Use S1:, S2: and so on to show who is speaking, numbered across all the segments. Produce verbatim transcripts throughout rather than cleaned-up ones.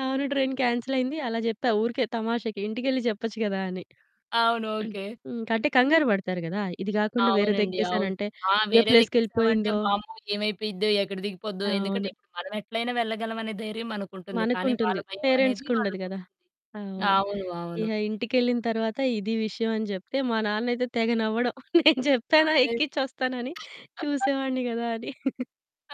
S1: అవును. ట్రైన్ కాన్సెలయ్యింది. అలా చెప్పా ఊరికే తమాషాకి. ఇంటికెళ్ళి చెప్పొచ్చు గదా! అని.
S2: అవును. ఓకే.
S1: హ్మ్. అంటే కంగారు పడతారు గదా! ఇది కాకుండా
S2: అవునండి అవును.
S1: వేరేదేక్కేసానంటే
S2: ఆ!
S1: ఏ
S2: వేరేదెక్కేసామంటే
S1: ప్లేస్‌కెళ్ళిపోయిందో
S2: వామ్మో! ఏమైపోయిద్దో ఎక్కడ దిగిపోద్దో. ఎందుకంటే
S1: అవును.
S2: ఇప్పుడు మనమెట్లైనా వెళ్ళగలమనే ధైర్యం మనకుంటుంది. కానీ వాళ్ళ
S1: మనకుంటుంది. పేరెంట్స్
S2: భయమనేది
S1: కుండదు గదా!
S2: వాళ్ళకుంటుంది.
S1: అవును.
S2: అవును. అవును.
S1: ఇక ఇంటికేళ్ళిన తరువాత ఇది విషయం అనే జెప్తే మా నాన్నైతే తెగ నవ్వడం "నేను జెప్పాన
S2: అదే.
S1: ఎక్కించోస్తానని చూసేవాన్ని గదా!" అని.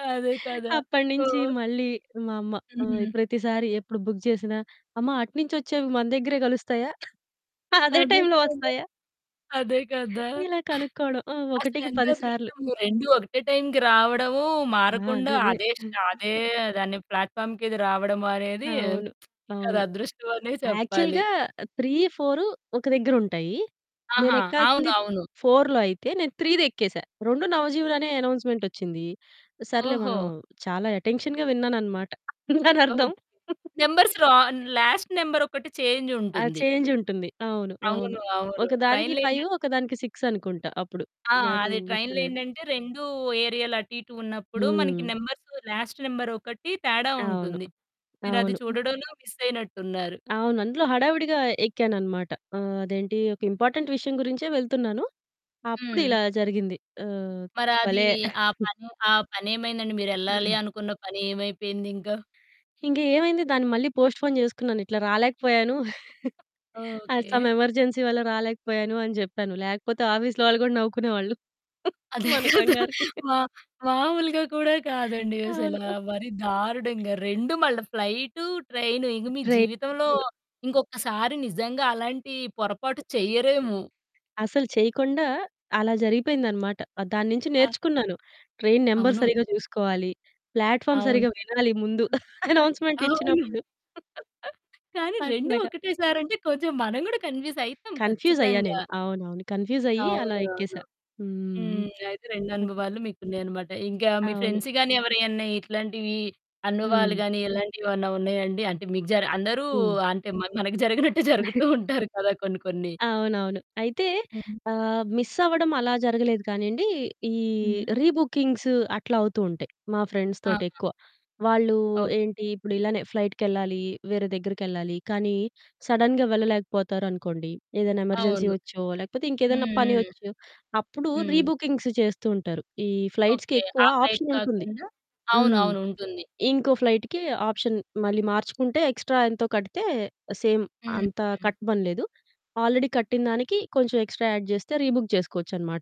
S2: అదే కదా!
S1: అప్పటి నుంచి
S2: ఓహ్!
S1: మళ్ళీ మా అమ్మ ఆ!
S2: హుహు.
S1: ప్రతిసారి ఎప్పుడు బుక్ చేసినా అమ్మ అటునుంచి వచ్చేవి మన దగ్గరే కలుస్తాయా? అదే
S2: అదే
S1: టైమ్‌లో
S2: కదా!
S1: వస్తాయా?
S2: అదే కదా!
S1: ఇలా కనుక్కోవడం ఆ! ఒకటికి పది సార్లు.
S2: అసలేంతదృష్టము రెండు ఒకటే టైమ్‌కి రావడము,
S1: ఆ!
S2: మారకుండా
S1: అదే అదే.
S2: అదే స్ట అదే దాన్ని ప్లాట్‌ఫార్మ్‌‌కిది రావడము అనేది
S1: అవును.
S2: ఇంకది
S1: అవును.
S2: అదృష్టమనే చెప్పాలి.
S1: యాక్చువల్‌గా త్రీ ఫోర్ ఒక దగ్గరుంటాయి.
S2: ఆహా!
S1: నేనెక్కాల్సింది
S2: అవునవును.
S1: ఫోర్‌లో అయితే నేను త్రీ‌ది ఎక్కేసా. రెండు నవజీవులనే అనౌన్స్మెంటోచ్చింది. సర్లే
S2: ఓహో!
S1: మనం చాలా అటెన్షన్‌గా విన్నానన్నమాట దానర్థం.
S2: ఓక్ నంబర్స్‌ రా లాస్ట్ నెంబరొక్కటి చేంజ్
S1: ఆ!
S2: ఉంటుంది.
S1: చేంజుంటుంది. అవును. అవును.
S2: అవును. అవును
S1: ఒకదానికి
S2: ట్రైన్‌లో ఏంటం
S1: ఫైవ్ ఒకదానికి సిక్స్ అనుకుంట అప్పుడు
S2: ఆ!
S1: నాకు
S2: అది ట్రైన్‌లో
S1: గుర్తులేదు.
S2: ఏంటంటే రెండు ఏరియాలు అటు ఇటు ఉన్నప్పుడు మనకి
S1: హ్మ్.
S2: నంబర్స్ లాస్ట్ నెంబరొకటి తేడా
S1: అవును.
S2: ఉంటుంది. మీరది
S1: అవును.
S2: చూడడంలో మిసయినట్టున్నారు.
S1: అవును. అందులో హడావిడిగా ఎక్కానన్నమాట. ఆహ్, అదేంటి ఒక ఇంపార్టెంట్ విషయం గురించే వెళ్తున్నాను. అప్పుడు
S2: హ్మ్.
S1: ఇలా జరిగింది. ఆ!
S2: మరది
S1: భలే
S2: ఆ! పని ఆ! పనేమైందండి? మీరెళ్ళాలి అనుకున్న పని ఏమైపోయిందింకా?
S1: ఇంకా ఏమైంది దాన్ని మళ్ళీ పోస్ట్‌పోన్ చేసుకున్నాను ఇట్లా రాలేకపోయాను. ఆ! Some
S2: okay.
S1: ఎమర్జెన్సీ వల్ల రాలేకపోయాను అని జెప్పాను. లేకపోతే ఆఫీస్‌లో వాళ్ళు గూడా నవ్వుకునే వాళ్ళు
S2: అదే
S1: మన
S2: కదా!
S1: కంగారుకి.
S2: మా మామూలుగా కూడా కాదండి అసల
S1: అవును.
S2: మరీ దారుణంగా రెండు మళ్ళ, ఫ్లైటు, ట్రైను ఇక మీ జీవితంలో
S1: ట్రైన్లు
S2: ఇంకొకసారి నిజంగా అలాంటి పొరపాటు చెయ్యరేమో.
S1: అసలు చేయకుండా అలా జరిగిపేందన్నమాట. ఆ! దానుంచి
S2: ఆ!
S1: నేర్చుకున్నాను. ట్రైన్ నంబర్
S2: అవును.
S1: సరిగ్గా జూసుకోవాలి. ప్లాట్‌ఫార్మ్
S2: అవును.
S1: సరిగ్గా వినాలి ముందు
S2: చూసితీరాలి.
S1: అనౌన్స్మెంట్
S2: అవును.
S1: ఇచ్చినప్పుడు.
S2: కానీ రెండు
S1: అట్లాగా.
S2: ఒకటే సారంటే కొంచెం మనం గూడా కన్ఫిస్ అయితాం
S1: కన్ఫ్యూజ్ అయ్యా
S2: ఖచ్చితంగా.
S1: నేను. అవునవును. కన్ఫ్యూజ్ అయ్యి అలా
S2: అవును. అవును.
S1: ఎక్కేసా. హ్మ్.
S2: హ్మ్. అయితే
S1: హుహు.
S2: రెండనుభవాలు మీకున్నాయన్నమాట. ఇంకా మీ
S1: అవును.
S2: ఫ్రెండ్స్ గాని, ఎవరైనా ఇట్లాంటివి అనుభవాలు
S1: హ్మ్.
S2: గాని ఇలాంటివి ఏమన్నా ఉన్నాయండి? అంటే మీకు జర అందరూ
S1: హ్మ్.
S2: అంటే మన మనకు జరగినట్టే జరుగుతూ ఉంటారు కదా! కొన్ని కొన్ని.
S1: అవునవును. అయితే
S2: హ్మ్.
S1: ఆహ్, మిస్ అవ్వడం అలా జరగలేదు కానీయండి. ఈ
S2: హుహు.
S1: రీబుకింగ్స్ అట్లా అవుతూ ఉంటాయి. మా ఫ్రెండ్స్
S2: ఆహా!
S1: తోటెక్కువ, వాళ్ళు
S2: ఓకే.
S1: ఏంటి ఇప్పుడు ఇలానే ఫ్లైట్‌‌కెళ్ళాలి, వేరే దగ్గరికెళ్ళాలి. కానీ సడెన్‌గా వెళ్ళలేకపోతారనుకోండి ఏదైనా ఎమర్జెన్సీ
S2: అవును.
S1: వచ్చో, లేకపోతే ఇంకేదైనా
S2: హ్మ్.
S1: పని
S2: హ్మ్.
S1: వచ్చో, అప్పుడు రీ
S2: హ్మ్.
S1: బుకింగ్స్ చేస్తూ ఉంటారు. ఈ ఫ్లైట్స్‌కి
S2: ఓకే.
S1: ఎక్కువ
S2: ఆ! ఫ్లైట్
S1: ఆప్షన్ ఉంటుంది.
S2: కాకుండా
S1: హ్మ్.
S2: అవునవును ఉంటుంది.
S1: ఇంకో ఫ్లైట్‌కి ఆప్షన్ మళ్ళీ మార్చుకుంటే ఎక్స్ట్రా ఎంతో కడితే సేమ్ అంత
S2: హుహు.
S1: కట్టమనలేదు. ఆల్రెడీ కట్టిందానికి కొంచెం ఎక్స్ట్రా యాడ్ చేస్తే రీ బుక్ చేసుకోవచ్చనమాట.